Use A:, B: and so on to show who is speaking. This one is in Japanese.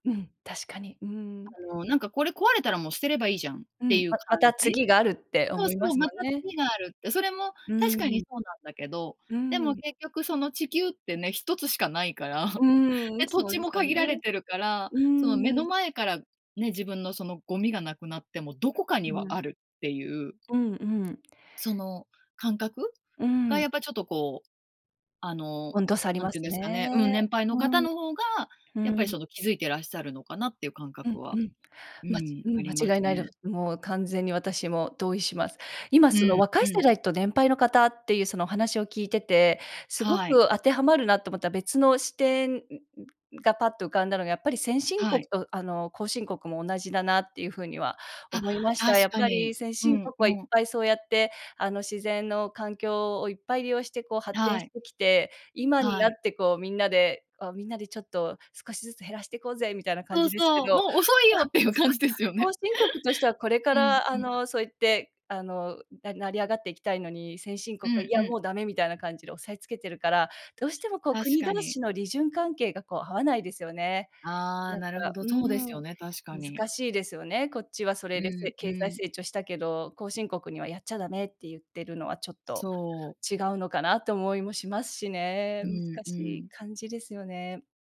A: うん、確かに。うん。
B: あの、なんか、これ壊れたら、もう捨てればいいじゃんっ
A: う
B: て
A: ん。
B: いう
A: まま
B: 感
A: た
B: じ。
A: 次があるって、
B: そう
A: 思い
B: そ
A: ま
B: う、
A: すも
B: ま
A: ん
B: た
A: ね。
B: 次がある。それも
A: う
B: 確かに
A: ん。
B: そうなんだけど、
A: う
B: でも
A: ん。
B: 結局、その、地球ってね1つしかないから。
A: うーん。
B: で、土
A: そう
B: 地
A: です
B: も
A: よ
B: 限
A: ね。
B: られてるから。
A: うー
B: その、目の
A: ん。
B: 前からね、自分のそのゴミがなくなっても、どこかには
A: う
B: あ
A: ん。
B: るっていう。
A: うんうん。
B: その感覚
A: う
B: が、
A: ん。
B: やっぱ、ちょっと、こう、あの、
A: 温度差あり
B: 何
A: ま
B: ていうん
A: す
B: ですかね、
A: ね。
B: うん、年配の
A: う
B: 方
A: ん。
B: の方が、
A: う
B: やっぱり、
A: ん。
B: その、気づいてらっしゃるのかなっていう感
A: う
B: 覚
A: んう
B: は
A: ん。
B: う
A: まち
B: ん、
A: う
B: あ
A: ん、
B: りま
A: 間違
B: す
A: いないで
B: ね。
A: もう、完全に私も同意します。今、
B: う
A: その、
B: ん
A: 若
B: う
A: い世
B: ん。
A: 代と、年配の方っていうその話を聞いてて、すご
B: はい。
A: く当てはまるなと思った別の視点、んんが、パッと浮かんだのが、やっぱり、先進
B: は
A: 国
B: い。
A: と、あの、後進国も同じだなっていう風には
B: あ、
A: 思いました。や
B: 確
A: っ
B: か
A: ぱり、
B: に。
A: 先
B: う
A: 進
B: ん
A: 国
B: う
A: はいっ
B: ん。
A: ぱいそうやって、あの、自然の環境をいっぱい利用して、こう、発展
B: は
A: し
B: い。
A: てきて、今に
B: は
A: なっ
B: い。
A: て、こう、みんなで「みんなでちょっと少しずつ減らしていこうぜ」みたいな感
B: そう
A: じですけ
B: そう、
A: ど。
B: もう遅いよっていう 感じですよ
A: 後
B: ね。
A: 進国としては、これ か
B: うん
A: ら、
B: う
A: あ
B: ん。
A: の、そうやって、あの、な成り上がっていきたいのに、先進
B: う
A: 国は「い
B: ん
A: や、
B: う
A: も
B: ん。
A: うダメ」みたいな感じで押さえつけてるから、どうしても、こう、
B: 確
A: 国
B: か
A: 同
B: に。
A: 士の利潤関係が、こう、合わないですよね。
B: ああ、
A: なん
B: なるほ
A: か
B: ど。
A: う
B: そうです
A: ん、
B: よね、確かに。
A: 難しいですよね。こっちはそ
B: う
A: れで、せ
B: んう
A: 経済
B: ん。
A: 成長したけど、後進国にはやっちゃダメって言ってるのは、ちょっと、
B: そう。
A: 違うのかなと思いもしますしね。
B: う
A: 難
B: んう
A: しい
B: ん。
A: 感じですよね。